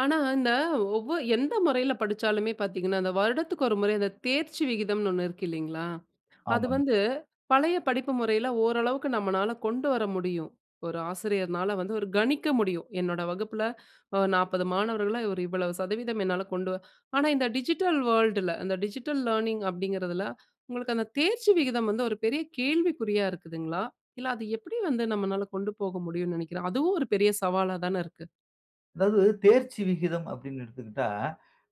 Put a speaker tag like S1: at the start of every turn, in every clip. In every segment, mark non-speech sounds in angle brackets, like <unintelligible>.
S1: ஆனா இந்த ஒவ்வொ எந்த முறையில படிச்சாலுமே பார்த்தீங்கன்னா, அந்த வருடத்துக்கு ஒரு முறை, அந்த தேர்ச்சி விகிதம்ன்னு ஒன்னு இருக்கு இல்லீங்களா? அது
S2: ஆமாங்க.
S1: வந்து, பழைய படிப்பு முறையில ஓரளவுக்கு நம்மனால கொண்டு வர முடியும். ஒரு ஆசிரியருனால வந்து, ஒரு கணிக்க முடியும். என்னோட வகுப்புல, அ, 40 மாணவர்கள்ல ஒரு இவ்வளவு சதவீதம் என்னால கொண்டு வ ஆனா இந்த டிஜிட்டல் வேர்ல்டுல அந்த டிஜிட்டல் லேர்னிங் அப்பிடிங்கிறதில, உங்களுக்கு அந்த தேர்ச்சி விகிதம் வந்து ஒரு பெரிய கேள்விக்குறியா இருக்குதுங்களா? இல்ல அது எப்பிடி வந்து நம்மனால கொண்டு போக முடியும்னு நினைக்கிறேன், அதுவும் ஒரு பெரிய சவாலாதான இருக்கு.
S2: அதாவது தேர்ச்சி விகிதம் அப்பிடின்னு எடுத்துக்கிட்டா,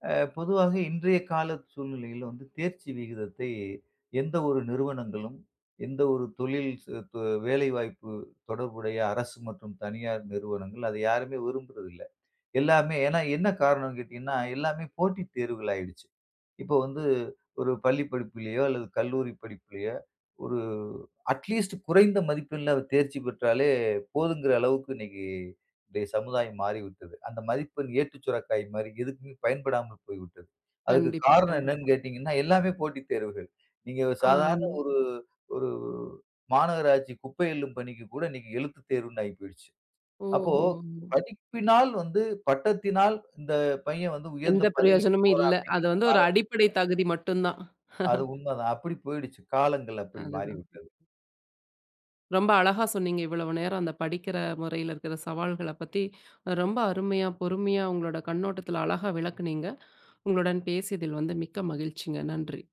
S2: அ பொதுவாவே இன்றைய கால சூழ்நிலையில வந்து தேர்ச்சி விகிதத்தை எந்த ஒரு நிறுவனங்களும், எந்த ஒரு தொழில் ச து வேலைவாய்ப்பு தொடர்புடைய அரசு மற்றும் தனியார் நிறுவனங்கள் அதை யாருமே விரும்புறதில்ல. எல்லாமே ஏன்னா என்ன காரணன்னு கேட்டீங்கன்னா, எல்லாமே போட்டி தேர்வுகள் ஆகிடுச்சு. இப்போ வந்து, ஒரு பள்ளி படிப்பிலயோ அல்லது கல்லூரி படிப்பிலயோ! ஒரு அட்லீஸ்ட் குறைந்த மதிப்பெண்ல தேர்ச்சி பெற்றாலே போதும்ங்கிற அளவுக்கு இன்னக்கி இன்றைய சமுதாயம் மாறிவிட்டது. அந்த மதிப்பெண் ஏட்டு சுரைக்காய் மாரி, எதுக்குமே பயன்படாமல் போய்விட்டது. அதற்கு
S1: கண்டிப்பா,
S2: காரணம் என்னன்னு
S1: கண்டிப்பா.
S2: கேட்டீங்கன்னா, எல்லாமே போட்டி தேர்வுகள். நீங்க
S1: அ,
S2: சாதாரண
S1: ஆமா.
S2: ஒரு, ஒரு மாநகராட்சி குப்பை அள்ளும் பணிக்கு கூட இன்னக்கி எழுத்து தேர்வுன்னு ஆயி போயிடுச்சு. அப்போ,
S1: ஓஹோ!
S2: படிப்பினால் வந்து பட்டத்தினால் இந்த பையன் வந்து உயர்ந்த
S1: எந்த
S2: பதவிக்கு
S1: பிரயோஜனமும்
S2: போறான்
S1: இல்ல. அது
S2: அப்பிடிங்கிற
S1: வந்து ஒரு அடிப்படை
S2: <unintelligible>
S1: தகுதி மட்டும் தான்
S2: அது
S1: <laughs>
S2: உண்ம தான். அப்பிடி போயிடுச்சு. காலங்கள் அப்பிடி
S1: அதுதான்.
S2: மாறிவிட்டது.
S1: ரொம்ப அழகா சொன்னீங்க, இவ்வளவு நேரம் அந்த படிக்கிற முறைல இருக்கிற சவால்களப் பத்தி ரொம்ப அருமையா, பொறுமையா உங்களோட கண்ணோட்டத்தில அழகா விளக்குனீங்க. உங்களுடன் பேசியதில் வந்து மிக்க மகிழ்ச்சிங்க. நன்றி!